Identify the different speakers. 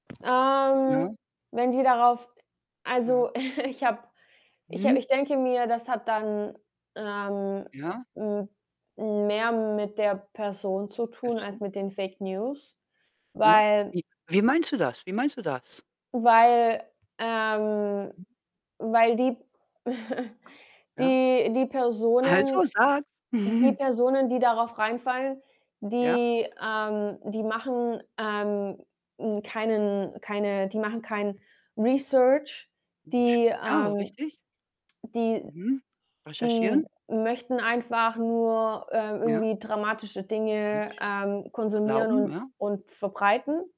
Speaker 1: Ja.
Speaker 2: Ähm, wenn die darauf also,
Speaker 1: Mhm.
Speaker 2: ich habe ich habe
Speaker 1: Mhm.
Speaker 2: ich denke mir, das hat dann, ähm,
Speaker 1: Ja.
Speaker 2: hm, mehr mit der Person zu tun als
Speaker 1: Achso.
Speaker 2: mit den Fake News,
Speaker 1: Ja,
Speaker 2: weil
Speaker 1: wie wie meinst du das? Wie meinst du das?
Speaker 2: weil, ähm
Speaker 1: Mhm.
Speaker 2: weil die
Speaker 1: Ja?
Speaker 2: die die Personen
Speaker 1: Also, sag's.
Speaker 2: die Personen, die darauf reinfallen,
Speaker 1: Ja.
Speaker 2: die, ähm die machen, ähm, hm, keinen keine die machen kein Research.
Speaker 1: [unintelligible]
Speaker 2: Die,
Speaker 1: Ja,
Speaker 2: ähm
Speaker 1: richtig?
Speaker 2: die
Speaker 1: Mhm.
Speaker 2: die
Speaker 1: Recherchieren.
Speaker 2: möchten einfach nur, ähm,
Speaker 1: Ja.
Speaker 2: irgendwie dramatische
Speaker 1: Kann
Speaker 2: Dinge,
Speaker 1: ich
Speaker 2: ähm, konsumieren
Speaker 1: glauben,
Speaker 2: und
Speaker 1: ja.
Speaker 2: und verbreiten.